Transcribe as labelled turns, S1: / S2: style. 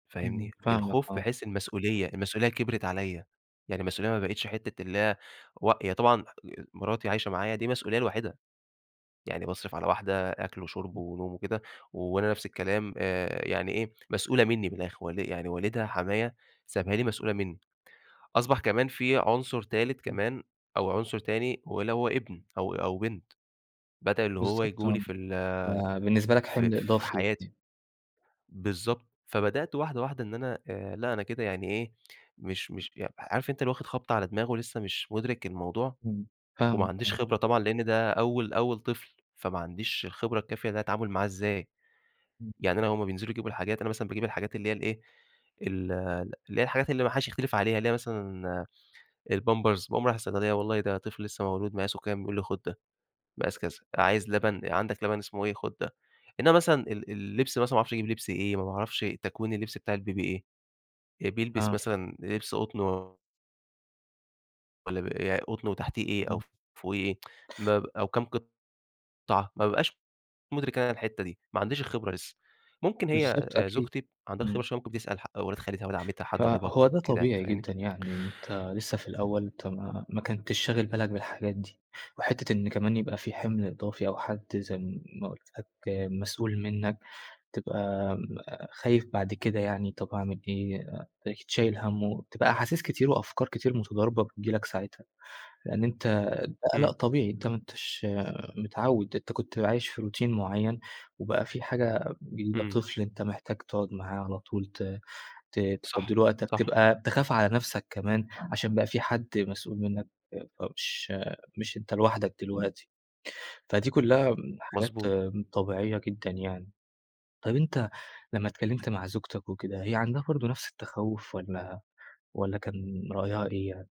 S1: فاهمني،
S2: إمم، فاهمك
S1: الخوف
S2: آه.
S1: بحيث المسؤولية، المسؤولية كبرت عليّا، يعني المسؤولية ما بقيتش حتة اللي هي إيه و هي طبعًا مراتي عايشة معايا دي مسؤولية لوحدها، يعني باصرف على واحدة أكل وشرب
S2: امم.
S1: ونوم وكده، وأنا نفس الكلام آآ، يعني ايه مسؤولة مني من الأخر والّا إيه يعني والدها حمايا سابها لي مسؤولة مني، أصبح كمان في عنصر تالت
S2: إمم.
S1: كمان أو عنصر تاني هو اللي هو ابن أو أو بنت، بدل اللي هو
S2: بالضبط
S1: ييجوا
S2: آه،
S1: لي في ال
S2: فبالنسبة لك
S1: في
S2: حِمل
S1: في
S2: إضافي.
S1: حياتي،
S2: [unintelligible]
S1: بالضبط، فبدأت واحدة واحدة إن أنا لأ أنا كده يعني إيه مش مش عارف عارف أنت واخد خبطة على دماغه ولسه مش مدرك الموضوع،
S2: إمم، فاهماك،
S1: وماعنديش
S2: آه.
S1: خبرة طبعًا لأن ده أول أول طفل، فما عنديش الخبرة الكافية ده التعامل معاه إزاي،
S2: إمم.
S1: يعني أنا هُم بينزلوا يجيبوا الحاجات أنا مثلًا باجيب الحاجات اللي هي ايه، ال اللي هي الحاجات اللي ما حدش يختلف عليها، اللي هي مثلًا البامبرز باقوم رايح الصيدلية والله ده طفل لسه مولود مقاسه كام؟ يقول لي خد ده مقاس كذا، عايز لبن عندك لبن اسمه ايه خد ده، إنما مثلًا ال ال اللبس مثلًا ما اعرفش اجيب لبس إيه، ما باعرفش تكوين اللبس بتاع البيبي ايه، بيلبس
S2: آه.
S1: مثلًا لبس قطن والّا بيبقى قطن وتحتيه إيه أو
S2: إمم.
S1: فوقيه إيه؟ ما ب أو كام قطعة ما بابقاش مدرك أنا الحتة دي، ما عنديش الخبرة لسه ممكن هي
S2: بالضبط أكيد،
S1: زوجتي عندها خبرة
S2: إمم.
S1: شوية بتسأل ح ولاد خالتها، ولاد عمتها حد قرايبها،
S2: فهو ده
S1: كده يعني،
S2: طبيعي
S1: فاهمني؟
S2: جدًا يعني، أنت لسه في الأول، أنت ما كنتش شاغل بالك بالحاجات دي، وحتة إن كمان يبقى في حمل إضافي أو حد زي ما قُلت لك مسؤول منك، تبقى خايف بعد كده يعني طب أعمل إيه تلاقيك شايل هَمّه، وتبقى احاسيس كتير وأفكار كتير متضاربة بتيجي لك ساعتها، لأن أنت ده قلق
S1: إمم.
S2: طبيعي، أنت ما أنتش متعود، أنت كنت عايش في روتين معين وبقى في حاجة جديدة
S1: إمم.
S2: طفل أنت محتاج تقعد معاه على طول ت ت تفضي
S1: صح،
S2: له وقتك،
S1: صح.
S2: تبقى تخاف على نفسك كمان عشان بقى في حد مسؤول منك فمش مش أنت لوحدك دلوقتي، فدي كلها حاجات
S1: مضبوط.
S2: طبيعية جدًا يعني، طيب أنت لما اتكلمت مع زوجتك وكده هي عندها برضه نفس التخوف والّا والّا كان رأيها إيه يعني؟